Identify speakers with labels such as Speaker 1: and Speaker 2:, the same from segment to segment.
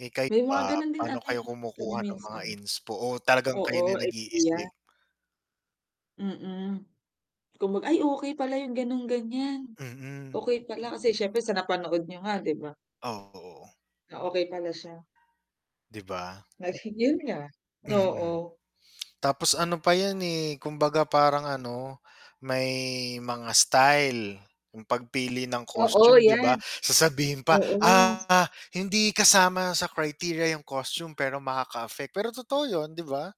Speaker 1: Eh, kayo
Speaker 2: May mga
Speaker 1: ba?
Speaker 2: ganun din
Speaker 1: Paano
Speaker 2: ano, eh,
Speaker 1: kayo
Speaker 2: kami
Speaker 1: kumukuha nung mga
Speaker 2: minsan.
Speaker 1: inspo o talagang kayo na
Speaker 2: Oo,
Speaker 1: 'yung
Speaker 2: idea.
Speaker 1: nag-iisip?
Speaker 2: Mm. Kung mag ay okey pala 'yung ganon, ganiyan.
Speaker 1: Mm.
Speaker 2: Okey pala kasi siyempre sa napanood niyo nga, 'di ba?
Speaker 1: Oo.
Speaker 2: Ah, okey pala siya.
Speaker 1: 'Di ba?
Speaker 2: Nasingil niya.
Speaker 1: Mm. Hmm,
Speaker 2: Oo.
Speaker 1: tapos ano pa 'yan eh, kumbaga parang ano may mga style 'yung pagpili ng
Speaker 2: Oo,
Speaker 1: costume, 'di
Speaker 2: 'yan.
Speaker 1: ba? Sasabihin pa,
Speaker 2: Oo.
Speaker 1: "Ah, hindi kasama sa criteria 'yung costume" pero makaka-affect. Pero totoo 'yun, 'di ba?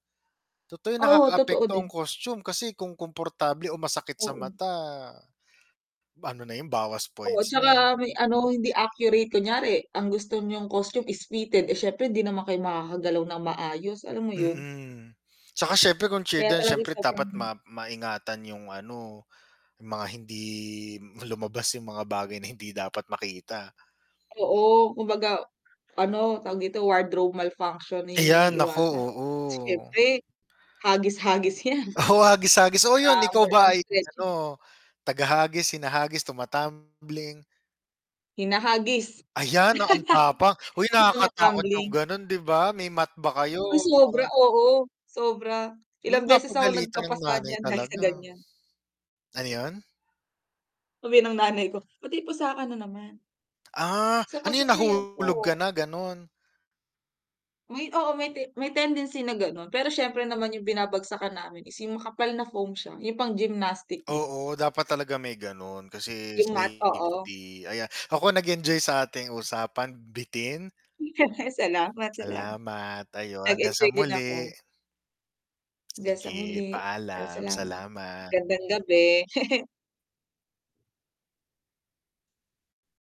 Speaker 1: Totoo 'yun,
Speaker 2: Oo, totoo
Speaker 1: nakakaapekto ang
Speaker 2: din.
Speaker 1: costume kasi kung komportable o masakit sa
Speaker 2: Oo.
Speaker 1: mata, ano na 'yun, bawas
Speaker 2: Oo,
Speaker 1: points na.
Speaker 2: tsaka may ano hindi accurate, kunyari ang gusto niyong costume is fitted, eh, siyempre hindi naman kayo makakagalaw ng maayos, alam mo 'yun?
Speaker 1: Mm. Tsaka siyempre kung
Speaker 2: Kaya
Speaker 1: children
Speaker 2: talagang
Speaker 1: siyempre
Speaker 2: sobrang
Speaker 1: dapat ma maingatan 'yung ano 'yung mga hindi lumabas 'yung mga bagay na hindi dapat makita.
Speaker 2: Oo, kumbaga ano tawag dito wardrobe malfunction, 'yun 'yung
Speaker 1: Ayan, naku.
Speaker 2: iniiwasan.
Speaker 1: Oo.
Speaker 2: Siyempre hagis-hagis 'yan.
Speaker 1: Oo, hagis-hagis. Oo
Speaker 2: Tsaka
Speaker 1: 'yun, ikaw
Speaker 2: more
Speaker 1: ba
Speaker 2: on
Speaker 1: ay ano
Speaker 2: stretching.
Speaker 1: taga-hagis, hinahagis, tumatambling?
Speaker 2: Hinahagis.
Speaker 1: Ayan, na ang tapak. Hoy
Speaker 2: 'Yung
Speaker 1: nakakatakot 'yung
Speaker 2: tuma-tambling.
Speaker 1: gano'n, 'di ba? May mat ba kayo
Speaker 2: Uy. Sobra.
Speaker 1: para
Speaker 2: Oo. Sobra, ilang
Speaker 1: 'Yung
Speaker 2: beses ako
Speaker 1: papagalitan ng
Speaker 2: nagkapasa
Speaker 1: nanay
Speaker 2: diyan dahil sa
Speaker 1: talaga.
Speaker 2: ganyan.
Speaker 1: Ano 'yon?
Speaker 2: Sabihin ng nanay ko, "Ba't may pasa ka na naman?"
Speaker 1: Ah,
Speaker 2: Sa
Speaker 1: ano 'yun
Speaker 2: pagsasayaw
Speaker 1: nahulog ka
Speaker 2: po.
Speaker 1: na gano'n?
Speaker 2: May oo may may tendency na ganon, pero siyempre naman 'yung binabagsakan namin is 'yung makapal na foam siya, 'yung pang gymnastic dun.
Speaker 1: Oo, dapat talaga may gano'n, kasi
Speaker 2: 'Yung mat. Oo.
Speaker 1: safety ayan. Ako nag-enjoy sa ating usapan. Bitin.
Speaker 2: Salamat, salamat.
Speaker 1: Salamat, ayon. Hanggang sa
Speaker 2: Nag-enjoy din
Speaker 1: muli.
Speaker 2: ako. Hanggang sa
Speaker 1: Sige,
Speaker 2: muli. Ay,
Speaker 1: paalam.
Speaker 2: salamat.
Speaker 1: Salamat.
Speaker 2: Magandang gabi.